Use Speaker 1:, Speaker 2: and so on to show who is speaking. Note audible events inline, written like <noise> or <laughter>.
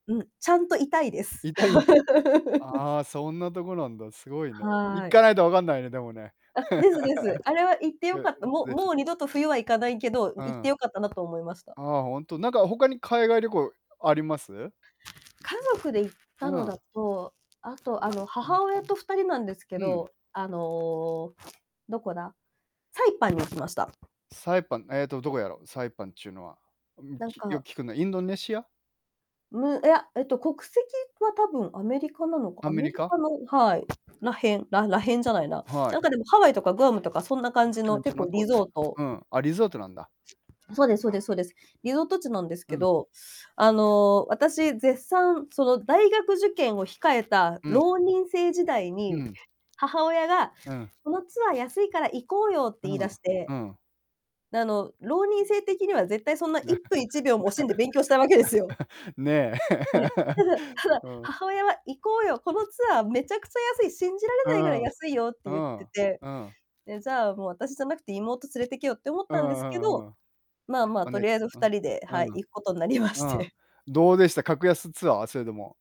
Speaker 1: うん、ちゃんと痛いです。
Speaker 2: 痛いん
Speaker 1: <laughs>
Speaker 2: ああ、そんなとこなんだ、すごいね。行
Speaker 1: はい。
Speaker 2: かないとわかんないね、でもね。<laughs>
Speaker 1: あ、ですです。あれは行ってよかった。も
Speaker 2: <unintelligible>
Speaker 1: もう二度と冬は行かないけど、
Speaker 2: う
Speaker 1: 行っ
Speaker 2: ん。
Speaker 1: てよかったなと思いました。
Speaker 2: ああ、本当。なんか、他に海外旅行あります？
Speaker 1: 家族で行った
Speaker 2: う
Speaker 1: の
Speaker 2: ん。
Speaker 1: だと、あと、あの、
Speaker 2: <unintelligible>
Speaker 1: 母親と2人なんですけ
Speaker 2: うん。
Speaker 1: ど、あの、どこだ、サイパンに行きました。
Speaker 2: サイパン、ええと、どこやろ。サイパンっちゅうのは。うん、
Speaker 1: なん
Speaker 2: ちよく
Speaker 1: か。
Speaker 2: 聞くのは、インドネシア？
Speaker 1: ういや、えと、国籍は多分アメリカなのか、
Speaker 2: ア
Speaker 1: ア
Speaker 2: メ
Speaker 1: メ
Speaker 2: リ
Speaker 1: リ
Speaker 2: カ。
Speaker 1: カの、はい、らへん、ららへんじゃないな、
Speaker 2: はい。
Speaker 1: なんか、でも、ハワイとかグアムとかそんな感じ
Speaker 2: か
Speaker 1: の
Speaker 2: んじ
Speaker 1: 結
Speaker 2: の
Speaker 1: 構
Speaker 2: と
Speaker 1: リゾート。
Speaker 2: うん、あ、リゾートなんだ。
Speaker 1: そうですそうですそうです。リゾート地なんです
Speaker 2: う
Speaker 1: け
Speaker 2: ん。
Speaker 1: ど、あの、私絶賛、その大学受験を控えた
Speaker 2: うん。
Speaker 1: 浪人生時代
Speaker 2: う
Speaker 1: に、
Speaker 2: ん。
Speaker 1: 母親が、
Speaker 2: うん。
Speaker 1: 「このツアー安いから行こうよ」って
Speaker 2: う
Speaker 1: 言い
Speaker 2: ん、
Speaker 1: 出し
Speaker 2: う
Speaker 1: て、
Speaker 2: ん。
Speaker 1: あの、浪人生的には絶対そんな一
Speaker 2: な。
Speaker 1: 分一秒も惜しんで勉強したいわけですよ。
Speaker 2: <laughs> ねえ。
Speaker 1: ね、ただ、ただ、
Speaker 2: <laughs> うん。
Speaker 1: 母親は「行こうよ、このツアーめちゃくちゃ安い、信じられ
Speaker 2: う
Speaker 1: ないぐらい
Speaker 2: ん、
Speaker 1: 安いよ」って
Speaker 2: う
Speaker 1: 言って
Speaker 2: ん、
Speaker 1: て、
Speaker 2: うん。
Speaker 1: で、じゃあ、もう、私じゃなくて妹連れてけよって思っ
Speaker 2: う
Speaker 1: たんですけ
Speaker 2: んう
Speaker 1: ど、
Speaker 2: んうん。
Speaker 1: まあまあ、
Speaker 2: お
Speaker 1: と
Speaker 2: な
Speaker 1: りあえずふ
Speaker 2: う
Speaker 1: た
Speaker 2: ん、
Speaker 1: りで、はい、
Speaker 2: うん。
Speaker 1: 行くことになりまし
Speaker 2: うん。
Speaker 1: て。
Speaker 2: どうでした？格安ツアー？それでも。